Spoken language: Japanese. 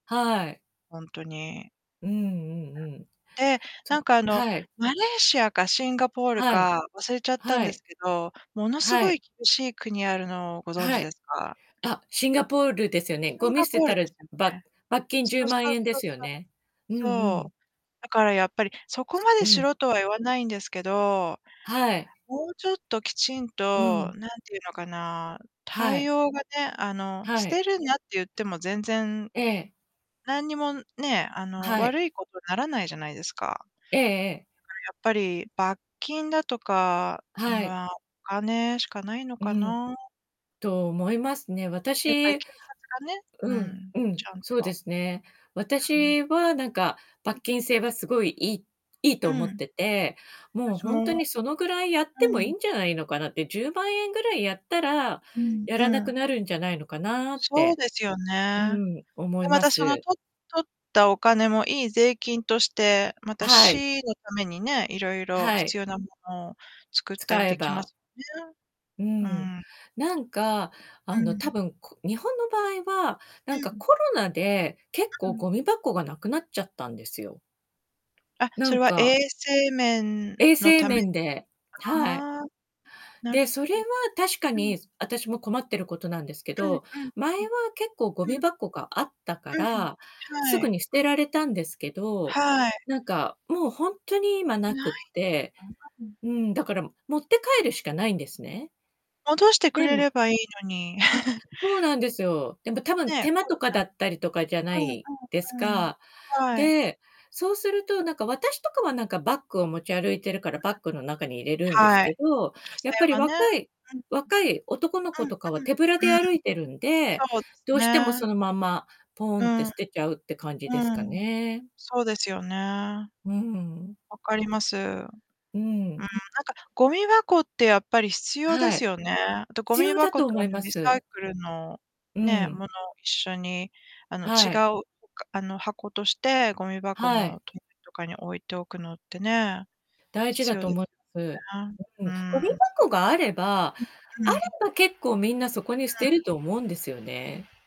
はい。ほんとに。うんうんうん。で、ちょなんっか、あの、はい。マレーシアかシンガポールはい、か忘れちゃったんはでい。すけど、ものすはごい。い厳しい国あるのをご存は知い。ですか？あ、シンガポールですよね。シゴンミガ捨てポールたでらすよばっね。罰金じゅそううまんそうえんでそうすよそう。ね。うんうん。そう。だからやっぱりそこまうでしん。ろとは言わないんですけど。はい。もうちょっときちんうと、ん。何て言うのかな、は対い。応がね、あの、は捨い。てるなって言っても全然ええ。何にもねえ、あの、はい。悪いことにならないじゃないですか。ええええ。やっぱり、罰金だとか、はい。まあ、お金しかないのうかん。な？と思いますね。やっぱり私警察がね、ううん、ん、うん、ちゃんとそうですね。うん。私はなんか罰金制はすごい、いいいいとう思っん。てて、もう私ほんとも。にそのぐらいやっうてもいいん。んじゃないのかなって。10万円ぐらいやったら、うんやうらなくん。なるんじゃないのかなっそうて。ですようね。ん、思いで、ままたそのす。取っ取ったお金もいい税金として、またはい。市のためにね、いろいろはい。必要なものを作ったり使えできまばすね。ううん。ん。なんか、うあの、多ん。分、こ日本の場合は、なうんかん。コロナで結う構ん。ゴミ箱がなくなっちゃったんですよ。あ、なそれんは衛か。生面衛の生ために。面で。はい。ああ。なるで、ほど。それは確かうん。に私も困ってることなんですけうんど、うん前はうん。結構ゴミうん。箱があったかうん、ら、はすぐい。に捨てられたんですけど、はい。なんかもうほんとに今ななくっていん うん、だから持って帰るしかないんですね。戻してくでれもればいいのに。そうなんですよ。でもたぶんねえ。手間コとロかだナったりとかじゃなうんいですうんうん。か。はい。で、そうすると、なんか私とかは、なん か、バッグを持ち歩いてるから、バッグの中に入 れるんですはい。けど、女性やっぱりはね。若いうん若い男のうん。う子んとかは手ぶらでうん。うーん。歩いてるんで、そうですどうしてもね。そのまんま、ポーうンっん。てう捨てちゃうって感じですかん。ね。そうですよね。うん。分かります。ううん、なん。んかゴミ箱ってやっぱり必要ではすい。よね。あとゴ必ミ要だ箱とと、思あいの、まリサイす。クルの、うね、もん。のを一緒に、あの、違はい。う他あの、箱としてごみ箱はのい。隣とかに置いておくのってね。大事必だ要とで思い すす。ね。うん、うゴミん。箱があればん、うあれん。ば結構みんなそこに捨うてん。ると思うんですよね。